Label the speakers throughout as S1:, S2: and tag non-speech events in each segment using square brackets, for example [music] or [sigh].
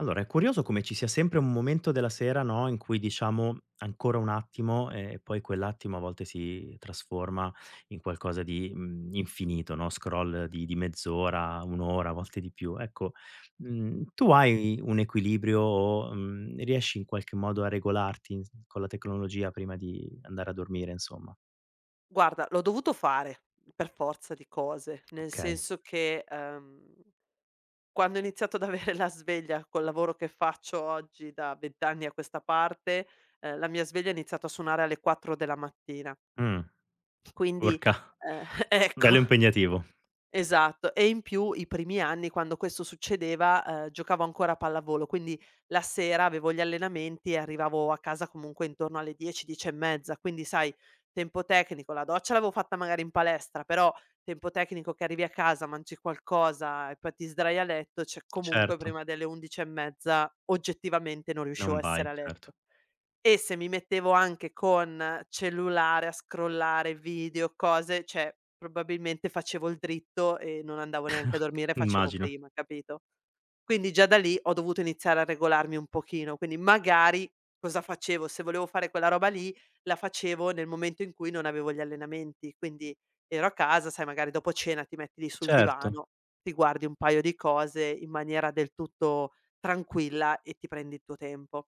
S1: Allora, è curioso come ci sia sempre un momento della sera, no, in cui diciamo: "Ancora un attimo" e e poi quell'attimo a volte si trasforma in qualcosa di, mhmm, infinito, no, scroll di di mezz'ora, 1 ora, a volte di più. Ecco, mhmm, tu hai un equilibrio o, mhmm, riesci, in qualche modo, a regolarti, ins con la tecnologia prima di andare a dormire, insomma?
S2: Guarda, l'ho dovuto fare per forza di cose, nel
S1: Okay.
S2: senso che, ehm, quando ho iniziato ad avere la sveglia col lavoro che faccio oggi da 20 anni a questa parte, ehm, la mia sveglia ha iniziato a suonare alle 4 della mattina.
S1: Mh.
S2: Quindi,
S1: Urca!
S2: ehm,
S1: [chuckles]
S2: ecco,
S1: Bello impegnativo.
S2: esatto. E in più i primi anni, quando questo succedeva, ehm, giocavo ancora a pallavolo, quindi la sera avevo gli allenamenti e arrivavo a casa, comunque, intorno alle 10-10 e mezza, quindi, sai, tempo tecnico, la doccia l'avevo fatta magari in palestra, però tempo tecnico che arrivi a casa, mangi qualcosa e poi ti sdrai a letto cioè, comunque,
S1: Certo.
S2: prima delle 11 e mezza, oggettivamente, non riuscivo
S1: Non
S2: a essere
S1: vai,
S2: a
S1: certo.
S2: letto. E se mi mettevo anche con cellulare a scrollare video, cose, cioè probabilmente facevo il dritto e non andavo neanche a
S1: [chuckles]
S2: dormire, facevo
S1: Immagino.
S2: prima, capito? Quindi, già da lì, ho dovuto iniziare a regolarmi un pochino, quindi, magari, cosa facevo, se volevo fare quella roba lì, la facevo nel momento in cui non avevo gli allenamenti, quindi ero a casa, sai, magari dopo cena ti metti lì sul
S1: Certo.
S2: divano, ti guardi un paio di cose in maniera del tutto tranquilla e ti prendi i tuo tempo.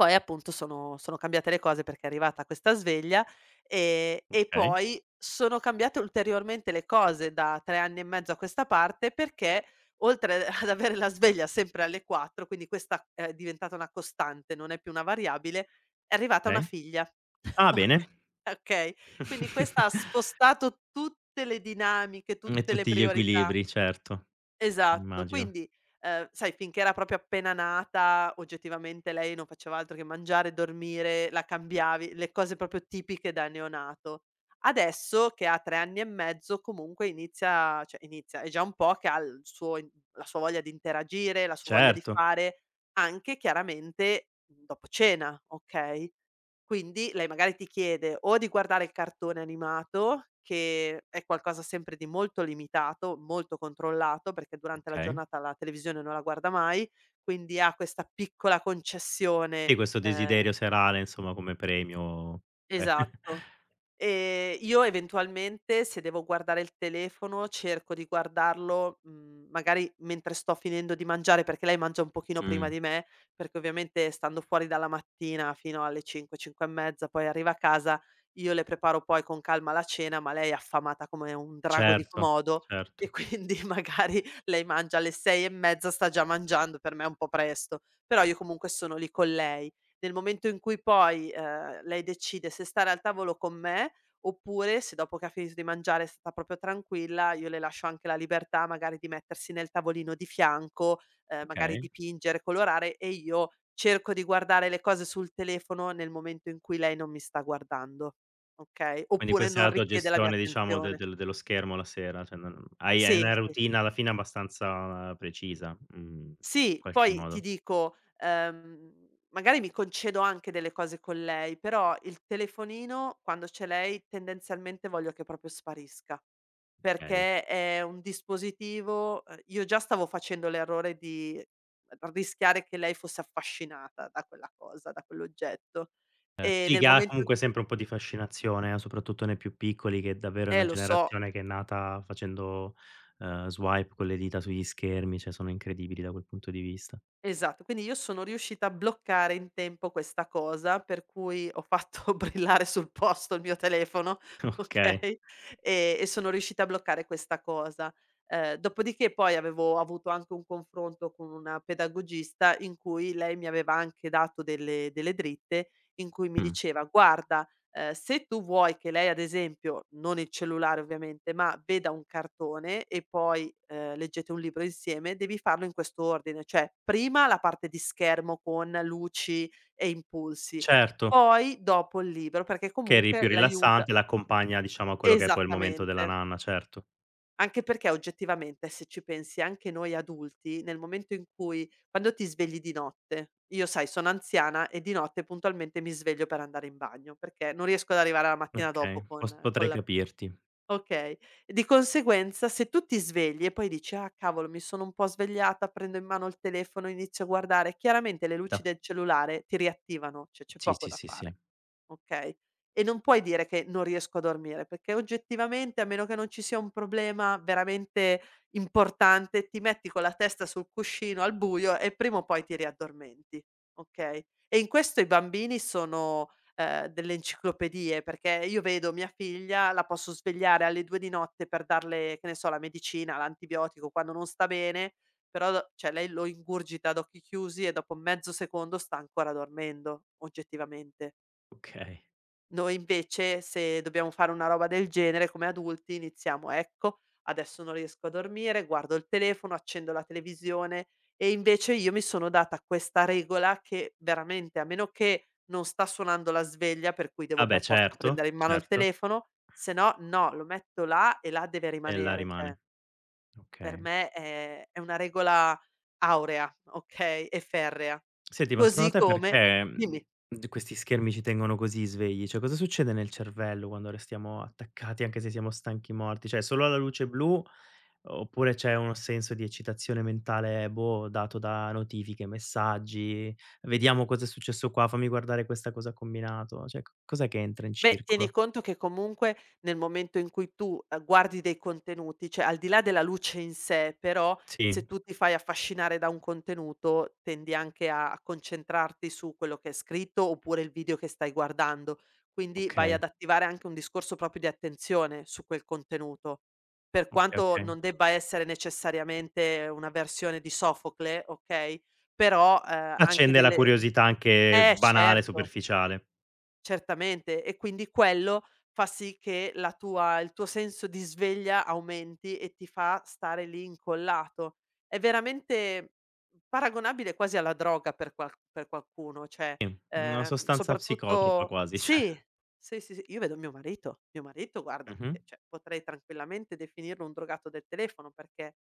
S2: Poi, appunto, sono sono cambiate le cose perché è arrivata questa sveglia, ehm, e
S1: Okay.
S2: poi sono cambiate ulteriormente le cose da 3 anni e mezzo a questa parte, perché oltre, a ad avere la sveglia sempre alle 4, quindi questa è è diventata una costante, non è più una variabile, è arrivata una
S1: Okay.
S2: figlia, [chuckles]
S1: Ah, bene.
S2: oka okay, quindi questa
S1: [chuckles]
S2: ha spostato tutte le dinamiche,
S1: Mh, e
S2: tutte le
S1: tutti gli
S2: priorità.
S1: equilibri, certo.
S2: Esatto.
S1: Immagino.
S2: Quindi, ehm, sai, finché era proprio appena nata oggettivamente lei non faceva altro che mangiare e dormire, la cambiavi, le cose proprio tipiche da neonato. Adesso che ha 3 anni e mezzo, comunque inizia a cioè, inizia, è già un po' che ha il suo in la sua voglia di interagire, la sua voglia di
S1: Certo.
S2: fare anche, chiaramente, dopo cena, okay, quindi lei magari ti chiede o di guardare il cartone animato che è qualcosa sempre di molto limitato, molto controllato, perché durante la
S1: Okay.
S2: giornata la televisione non la guarda mai, quindi ha questa piccola concessione,
S1: E questo
S2: ehm
S1: desiderio serale, insomma, come premio. [chuckles]
S2: Esatto, ehm, io eventualmente se devo guardare il telefono, cerco di guardarlo, mhmm, magari mentre sto finendo di mangiare perché lei mangia un pochino prima
S1: Mh.
S2: di me, perché ovviamente stando fuori dalla mattina fino alle 5-5 e mezza, poi arriva a casa, io le preparo poi con calma la cena, ma lei è affamata come un drago di
S1: Certo,
S2: Komodo, e
S1: certo.
S2: quindi, magari, lei mangia alle 6 e mezza sta già mangiando, per me un po' presto, però io comunque sono lì con lei. Nel momento in cui poi, ehm, lei decide se stare al tavolo con me oppure se dopo che ha finito di mangiare sta proprio tranquilla, io le lascio anche la libertà magari di mettersi nel tavolino di fianco, ehm, magari
S1: Okay.
S2: dipingere, colorare e io cerco di guardare le cose sul telefono nel momento in cui lei non mi sta guardando, okay,
S1: Quindi
S2: oppure
S1: questa è
S2: non
S1: la tua
S2: richiede la mia
S1: gestione, diciamo, de
S2: attenzione.
S1: del dello schermo la sera, cioè non hai hai
S2: Sì,
S1: una
S2: sì.
S1: routine alla fine abbastanza, uhm, precisa, mhmm, in
S2: Sì.
S1: qualche
S2: Poi, ti
S1: modo.
S2: dico, ehm, magari mi concedo anche delle cose con lei, però il telefonino quando c'è lei, tendenzialmente, voglio che proprio sparisca,
S1: Okay.
S2: perché è un dispositivo ehm, io già stavo facendo l'errore di rischiare che lei fosse affascinata da quella cosa, da quell'oggetto,
S1: Ehm,
S2: ehm,
S1: sì
S2: nel
S1: che ha,
S2: momento in
S1: comunque, sempre un po' di fascinazione, a soprattutto nei più piccoli che, davvero, è
S2: Eh,
S1: una
S2: lo so.
S1: generazione che è nata facendo, ehm, swipe con le dita sugli schermi, cioè sono incredibili da quel punto di vista.
S2: Esatto. Quindi io sono riuscita a bloccare in tempo questa cosa, per cui ho fatto brillare sul posto il mio telefono,
S1: Okay.
S2: okay, e e sono riuscita a bloccare questa cosa. Ehm, dopodiché poi avevo avuto anche un confronto con una pedagogista, in cui lei mi aveva anche dato delle delle dritte, in cui mi
S1: Mh.
S2: diceva: "Guarda, ehm, se tu vuoi che lei, ad esempio, non il cellulare ovviamente, ma veda un cartone e poi, ehm, leggete un libro insieme, devi farlo in questo ordine, cioè: prima la parte di schermo con luci e impulsi,
S1: Certo.
S2: poi dopo il libro, perché
S1: Che è ri
S2: comunque
S1: più
S2: l'aiuta"
S1: rilassante, l'accompagna, diciamo, a quello che è poi il momento della
S2: Esattamente.
S1: nanna, certo.
S2: Anche perché, oggettivamente, se ci pensi, anche noi adulti nel momento in cui quando ti svegli di notte io, sai, sono anziana e di notte puntualmente mi sveglio per andare in bagno perché non riesco ad arrivare alla mattina
S1: Okay,
S2: dopo con
S1: pos
S2: con
S1: potrei
S2: la
S1: capirti.
S2: okay, di conseguenza se tu ti svegli e poi dici: "Ah, cavolo, mi sono un po' svegliata, prendo in mano il telefono e inizio a guardare"; chiaramente le luci
S1: Da
S2: de cellulare ti riattivano, c'è c'è
S1: Sì,
S2: poco
S1: sì,
S2: da
S1: sì, sì.
S2: fare, okay, e non puoi dire che "non riesco a dormire," perché, oggettivamente, a meno che non ci sia un problema veramente importante, ti metti con la testa sul cuscino al buio e prima o poi ti riaddormenti, okay. E in questo i bambini sono, ehm, delle enciclopedie, perché io vedo mia figlia, la posso svegliare alle 2 di notte per darle, che ne so, la medicina, l'antibiotico quando non sta bene, però do cioè, lei lo ingurgita ad occhi chiusi e dopo mezzo secondo sta ancora dormendo, oggettivamente.
S1: Okay.
S2: Noi, invece, se dobbiamo fare una roba del genere, come adulti, iniziamo: "Ecco, adesso non riesco a dormire, guardo il telefono, accendo la televisione" e invece io mi sono data questa regola che, veramente, a meno che non sta suonando la sveglia, per cui
S1: Ah,
S2: devo
S1: beh
S2: per forza
S1: certo,
S2: prendere in mano il
S1: certo.
S2: telefono, se no, no, lo metto là e là deve
S1: E là
S2: rimanere, cioè
S1: rimane.
S2: per
S1: Okay.
S2: me è è una regola aurea, okay, e ferrea.
S1: Senti, ma, secondo
S2: Così
S1: te,
S2: come
S1: perché, mhmm,
S2: dimmi.
S1: d questi schermi ci tengono così svegli? Cioè, cosa succede nel cervello quando restiamo attaccati anche se siamo stanchi morti? Cioè, solo alla luce blu? O oppure, c'è uno senso di eccitazione mentale, boh, dato da notifiche, messaggi, "Vediamo cosa è successo qua," "Fammi guardare questa cosa ha combinato," cioè co cos'è che entra in
S2: Beh, tieni
S1: circolo?
S2: conto che comunque nel momento in cui tu a guardi dei contenuti cioè, al di là della luce in sè, però, se
S1: Sì.
S2: tu ti fai affascinare da un contenuto, tendi anche a a concentrarti su quello che è scritto oppure il video che stai guardando, quindi vai
S1: Okay.
S2: ad attivare anche un discorso proprio di attenzione su quel contenuto. Per
S1: Oka
S2: quanto
S1: okay.
S2: non debba essere necessariamente una versione di Sofocle, okay, però, ehm, anche
S1: Accende la
S2: delle
S1: curiosità anche
S2: eh,
S1: banale,
S2: certo!
S1: superficiale.
S2: Certamente, e quindi quello fa sì che la tua il tuo senso di sveglia aumenti e ti fa stare lì incollato. È veramente paragonabile quasi alla droga per qual per qualcuno, cioè,
S1: I, una
S2: ehm,
S1: sostanza psicotropa
S2: soprattutto
S1: quasi, cioè
S2: sì, sì, sì, s io vedo mio marito, mio marito guarda
S1: Mh-mh.
S2: che, cioè, potrei tranquillamente definirlo un drogato del telefono, perché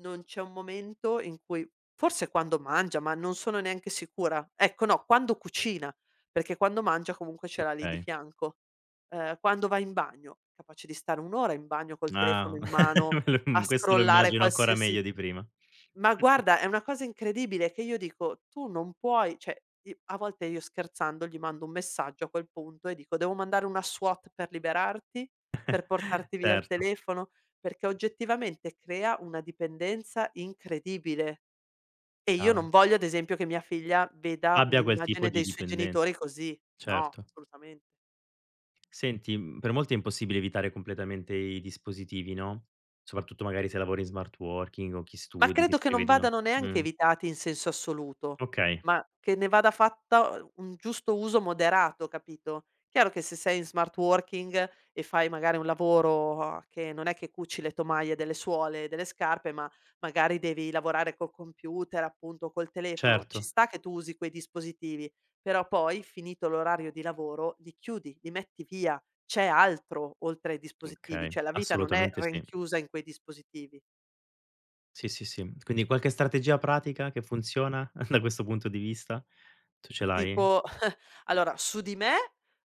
S2: non c'è un momento in cui forse quando mangia, ma non sono neanche sicura; ecco, no, quando cucina! Perché quando mangia comunque ce l'ha lì di
S1: Okay.
S2: fianco, ehm, quando va in bagno, capace di stare 1 ora in bagno col telefono
S1: Na
S2: in mano
S1: [chuckles] me lo
S2: a
S1: m questo lo
S2: scrollare
S1: immagino ancora
S2: qualsiasi
S1: meglio di prima..
S2: ma,
S1: [unintelligible]
S2: guarda, è una cosa incredibile e che io dico: "Tu non puoi" cioè, i a volte, io scherzando, gli mando un messaggio a quel punto e dico: "Devo mandare una SWAT per liberarti? Per
S1: [chuckles]
S2: portarti via il
S1: Certo.
S2: telefono?" perché oggettivamente crea una dipendenza incredibile, e io
S1: Chiaro.
S2: non voglio ad esempio che mia figlia veda
S1: Abbia quel tipo
S2: un'immagine
S1: di
S2: dei suoi
S1: dipenden
S2: genitori così. No,
S1: certo.
S2: assolutamen
S1: Senti, mhmm, per molti è impossibile evitare completamente i dispositivi, no, soprattutto magari se lavori in smart working o chi
S2: Ma
S1: studi, chi
S2: credo che non
S1: scrive di no
S2: vadano neanche
S1: mh.
S2: evitati in senso assoluto,
S1: Okay.
S2: ma che ne vada fatta u un giusto uso moderato, capito? Chiaro che se sei in smart working e fai magari un lavoro, uhm, che non è che cuci le tomaie delle suole delle scarpe, ma magari devi lavorare col computer, appunto, o col telefono, ci
S1: Certo.
S2: sta che tu usi quei dispositivi. Però poi finito l'orario di lavoro, li chiudi, li metti via, c'è altro oltre ai dispositivi.
S1: Okay,
S2: Cioè, la vita non è
S1: assolutamente sì.
S2: rinchiusa in quei dispositivi.
S1: Sì, sì, sì, quindi qualche strategia pratica che funziona, [chuckles] da questo punto di vista, tu ce l'hai?
S2: Tipo [chuckles] allora, su di me,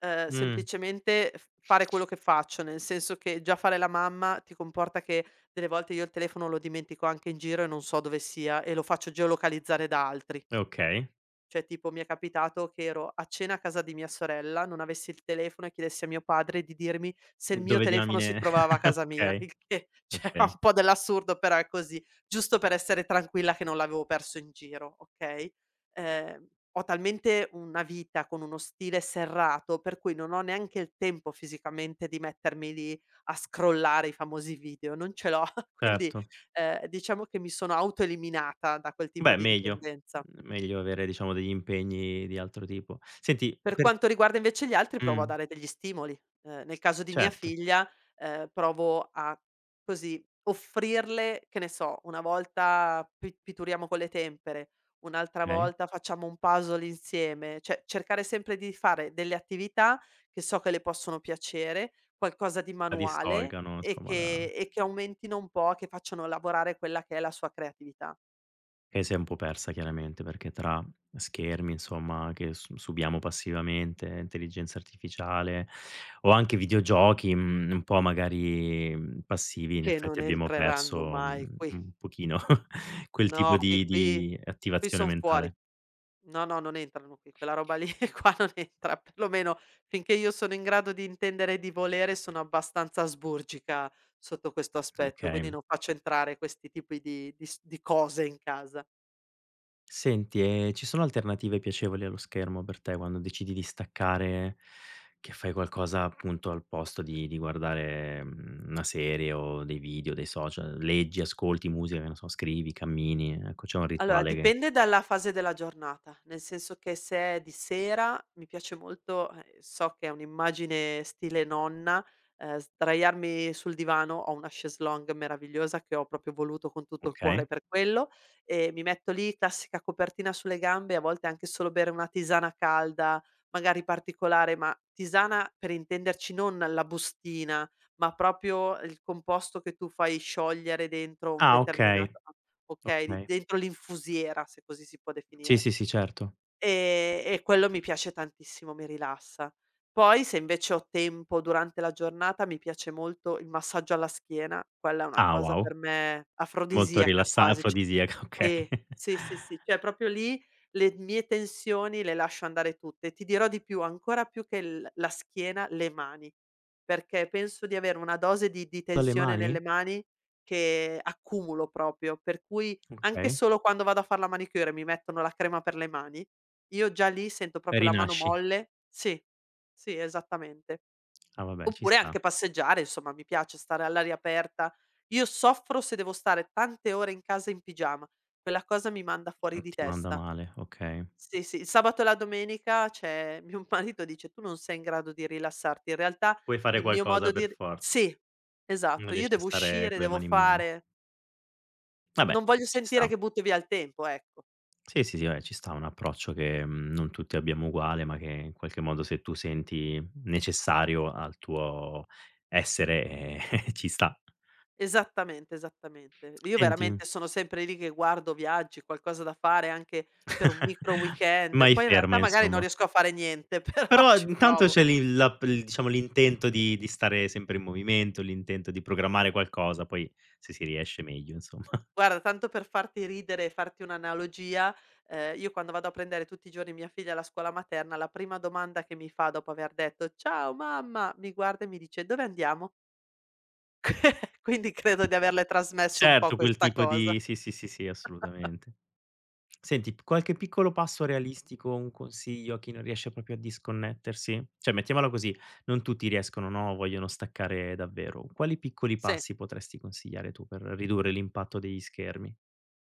S2: uhm,
S1: Mh.
S2: semplicemente f fare quello che faccio. Nel senso che, già fare la mamma ti comporta che delle volte io il telefono lo dimentico anche in giro e non so dove sia e lo faccio geolocalizzare da altri.
S1: È okay.
S2: Cioè, tipo, mi è capitato che ero a cena a casa di mia sorella, non avessi il telefono e chiedessi a mio padre di dirmi se il mio
S1: Dove
S2: telefono si
S1: diamine
S2: trovava a
S1: [chuckles]
S2: casa mia
S1: okay,
S2: il che, cioè, ha
S1: okay.
S2: un po' dell'assurdo, però è così; giusto per essere tranquilla che non l'avevo perso in giro, okay? Ehm, ho talmente una vita con uno stile serrato per cui non ho neanche il tempo fisicamente di mettermi lì a scrollare i famosi video, non ce l'ho. [chuckles] Quindi,
S1: Certo.
S2: ehm, diciamo che mi sono auto-eliminata da quel tipo
S1: Beh,
S2: di
S1: meglio!
S2: dipendenza.
S1: Meglio avere, diciamo, degli impegni di altro tipo. Senti,
S2: Per
S1: per
S2: quanto riguarda, invece, gli altri provo a
S1: Mh.
S2: dare degli stimoli, ehm, nel caso di mia
S1: Certo.
S2: figlia, ehm, provo a, così, offrirle che ne so, una volta pi pitturiamo con le tempere, un'altra
S1: Okay.
S2: volta facciamo un puzzle insieme. Cioè, cercare sempre di fare delle attività che so che le possono piacere, qualcosa di
S1: La
S2: manuale
S1: distolga, no,
S2: e
S1: somma,
S2: che
S1: da
S2: e che aumentino un po' che facciano lavorare quella che è la sua creatività.
S1: E si è un po' persa chiaramente perché tra schermi, insomma, che s subiamo passivamente, intelligenza artificiale o anche videogiochi, mhmm, un po' magari, mhmm, passivi, in
S2: Che
S1: effetti,
S2: non
S1: abbiamo
S2: entreranno
S1: perso,
S2: mai
S1: mhmm,
S2: qui.
S1: un pochino [chuckles] quel tipo
S2: No, qui
S1: di
S2: qui
S1: di
S2: qui
S1: attivazione
S2: son fuori.
S1: mentale.
S2: No, no non entrano qui, quella roba lì [chuckles] qua non entra per lo meno, finché io sono in grado di intendere e di volere, sono abbastanza asburgica sotto questo aspetto, quindi
S1: Okay.
S2: non faccio entrare questi tipi di di s di cose in casa.
S1: Senti, ehm, ci sono alternative piacevoli allo schermo per te quando decidi di staccare, che fai qualcosa, appunto, al posto di di guardare, mhmm, una serie o dei video, dei social? Leggi, ascolti musica, che ne so, scrivi, cammini, ehm, ecco, c'è un
S2: Allora,
S1: rituale che
S2: dipende dalla fase della giornata, nel senso che se è di sera, mi piace molto a ehm, so che è un'immagine stile nonna, ehm, sdraiarmi sul divano, ho una chaise longue meravigliosa che ho proprio voluto con tutto il
S1: Okay.
S2: cuore per quello, e mi metto lì, classica copertina sulle gambe e a volte anche solo bere una tisana calda, magari particolare, ma tisana per intenderci non la bustina, ma proprio il composto che tu fai sciogliere dentro un
S1: Ah, okay,
S2: determinato okay, li
S1: okay.
S2: dentro l'infusiera, se così si può
S1: Sì,
S2: definire.
S1: sì, sì, certo.
S2: Ehm, e quello mi piace tantissimo, mi rilassa. Poi, se invece ho tempo, durante la giornata mi piace molto il massaggio alla schiena, quella è una
S1: Ah,
S2: cosa
S1: wow!
S2: per me
S1: Molto
S2: afrodisiaca
S1: rilassa
S2: quasi, c
S1: afrodisiaco, okay.
S2: sì, sì, sì, sì, cioè proprio lì, le mie tensioni le lascio andare tutte e ti dirò di più: ancora più che il la schiena, le mani, perché penso di avere una dose di di
S1: Dalle
S2: tensione nelle
S1: mani?
S2: mani che accumulo proprio, per cui anche
S1: Okay.
S2: solo quando vado a far la manicure e mi mettono la crema per le mani, io, già lì, sento
S1: E
S2: proprio la mano
S1: rinasci.
S2: molle sì, sì esattamente.
S1: Ah, vabbè, ci
S2: Oppure
S1: sta.
S2: anche passeggiare, insomma, mi piace stare all'aria aperta. Io soffro se devo stare tante ore in casa in pigiama, quella cosa mi manda
S1: E
S2: fuori di
S1: ti manda
S2: testa.
S1: male, okay.
S2: Sì, sì, il sabato e la domenica, c'è mio m marito dice: "Tu non sei in grado di rilassarti," in realtà
S1: Puoi fare
S2: il mio
S1: qualcosa
S2: modo di
S1: per
S2: ri
S1: forza,
S2: sì,
S1: non
S2: esatto, io
S1: riesci a
S2: devo
S1: stare
S2: uscire,
S1: con le
S2: devo
S1: mani in mano.
S2: fare
S1: Vabbè,
S2: Non voglio
S1: ci
S2: sentire
S1: sta.
S2: che butti via il tempo, ecco.
S1: Sì, sì, sì, vabbè, ci sta un approccio che, mhmm, non tutti abbiamo uguale ma che, in qualche modo, se tu senti necessario al tuo essere, ehm, [chuckles] ci sta.
S2: Esattamente, esattamente. V io,
S1: Senti
S2: veramente, sono sempre lì che guardo viaggi, qualcosa da fare anche per un micro
S1: [chuckles]
S2: weekend,
S1: Mai
S2: poi in realtà
S1: ferma,
S2: magari non
S1: insomma.
S2: riesco a fare niente, però
S1: Però
S2: ci
S1: ad intanto
S2: provo.
S1: c'è l'i l'app il diciamo l'intento di di stare sempre in movimento, l'intento di programmare qualcosa, poi se si riesce meglio, insomma. [chuckles]
S2: Guarda, tanto per farti ridere e farti un'analogia, ehm, io quando vado a prendere tutti i giorni mia figlia alla scuola materna, la prima domanda che mi fa dopo aver detto: "Ciao, mamma", mi guarda e mi dice: "Dove andiamo?" [chuckles] Quindi credo di averle trasmesso un po'
S1: Certo, quel
S2: questa
S1: tipo
S2: cosa.
S1: di sì, sì, sì,
S2: [chuckles]
S1: assolutamente. Senti, p qualche piccolo passo realistico o un consiglio a chi non riesce proprio a disconnettersi? Cioè, mettiamola così: non tutti riescono, no, o vogliono staccare davvero; quali piccoli
S2: Sì.
S1: passi potresti consigliare tu per ridurre l'impatto degli schermi?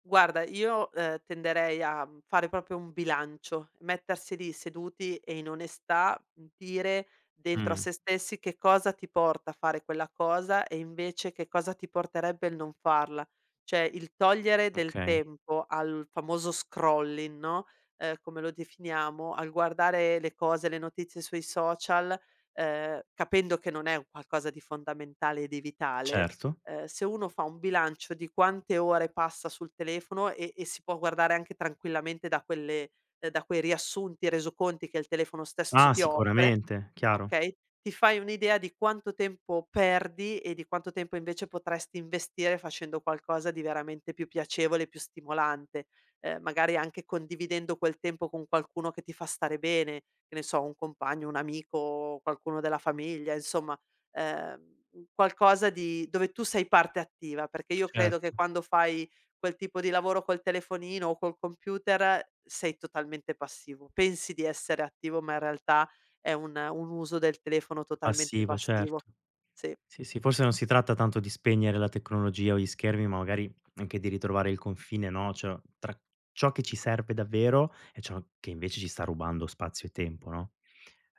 S2: Guarda, io, ehm, tenderei a, mhmm, fare proprio un bilancio: mettersi lì seduti e, in onestà, mhmm, dire dentro a
S1: Mh.
S2: se stessi che cosa ti porta a fare quella cosa, e, invece, che cosa ti porterebbe il non farla. Cioè, il togliere del
S1: Okay.
S2: tempo al famoso scrolling, no, ehm, come lo definiamo, al guardare le cose, le notizie sui social, ehm, capendo che non è un qualcosa di fondamentale e di vitale.
S1: Certo.
S2: Uhm, se uno fa un bilancio di quante ore passa sul telefono e e si può guardare anche tranquillamente da quelle ehm, da quei riassunti, resoconti che il telefono stesso
S1: Ah,
S2: ti offre,
S1: sicuramente, chiaro.
S2: okay, ti fai un'idea di quanto tempo perdi e di quanto tempo invece potresti investire facendo qualcosa di veramente più piacevole, più stimolante, uhm, magari anche condividendo quel tempo con qualcuno che ti fa stare bene, che ne so, un compagno, un amico, qualcuno della famiglia, insomma. Ehm, qualcosa di dove tu sei parte attiva perché io credo che
S1: Certo.
S2: quando fai quel tipo di lavoro col telefonino o col computer sei totalmente passivo, pensi di essere attivo, ma in realtà è un un uso del telefono totalmente
S1: Passivo,
S2: passivo,
S1: certo.
S2: sì.
S1: Sì, sì, forse non si tratta tanto di spegnere la tecnologia o gli schermi, ma magari anche di ritrovare il confine, no, c'ho tra ciò che ci serve davvero e ciò che, invece, ci sta rubando spazio e tempo, no?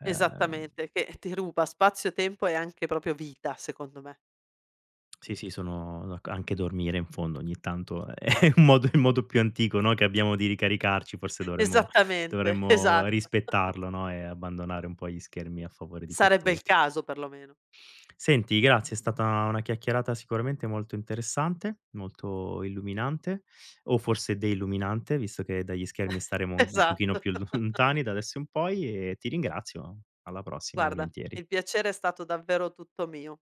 S1: Ehm
S2: Esattamente, che [chuckles] ti ruba spazio, tempo e anche proprio vita, secondo me.
S1: [tsk] Sì, sì sono d'ac anche dormire, in fondo, ogni tanto è è un modo i modo più antico, no, che abbiamo di ricaricarci, forse dovremmo
S2: Esattamente,
S1: dovremmo
S2: esatto. [chuckles]
S1: rispettarlo, no, e abbandonare un po' gli schermi a favore di
S2: Sarebbe il
S1: quest'ultimo.
S2: caso, perlomeno.
S1: Senti, grazie, è stata una chiacchierata sicuramente molto interessante, molto illuminante, o forse deluminante, visto che dagli schermi
S2: [chuckles]
S1: staremo un pochino
S2: Esatto.
S1: più
S2: [chuckles]
S1: lontani da adesso in poi, e ti ringrazio. Alla prossima,
S2: Guarda,
S1: volentieri.
S2: il piacere è stato davvero tutto mio.